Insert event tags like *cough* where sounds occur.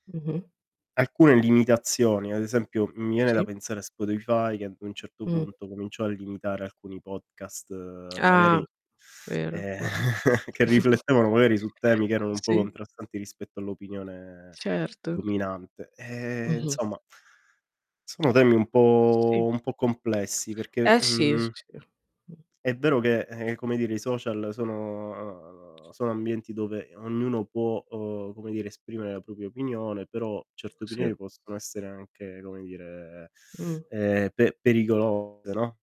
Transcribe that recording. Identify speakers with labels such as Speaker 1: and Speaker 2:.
Speaker 1: Mh-mh.
Speaker 2: Alcune limitazioni, ad esempio, mi viene da
Speaker 1: Sì.
Speaker 2: pensare a Spotify che ad un certo
Speaker 1: Mh.
Speaker 2: punto cominciò a limitare alcuni podcast
Speaker 1: Ah!
Speaker 2: magari,
Speaker 1: Vero,
Speaker 2: eh,
Speaker 1: vero.
Speaker 2: *chuckles* che
Speaker 1: *chuckles*
Speaker 2: riflettevano magari su temi che erano un po'
Speaker 1: Sì.
Speaker 2: contrastanti rispetto all'opinione
Speaker 1: Certo.
Speaker 2: dominante. Ehm,
Speaker 1: Mh-mh.
Speaker 2: insomma sono temi un
Speaker 1: Sì.
Speaker 2: po' un po' complessi perché,
Speaker 1: Eh sì.
Speaker 2: mhmm
Speaker 1: *unintelligible* Mh.
Speaker 2: è vero che, eh, come dire i social sono sono ambienti dove ognuno può, uhm, come dire esprimere la propria opinione, però certe
Speaker 1: Sì.
Speaker 2: opinioni possono essere anche, come dire, *inhales*
Speaker 1: Mh.
Speaker 2: ehm, pe pericolose, no?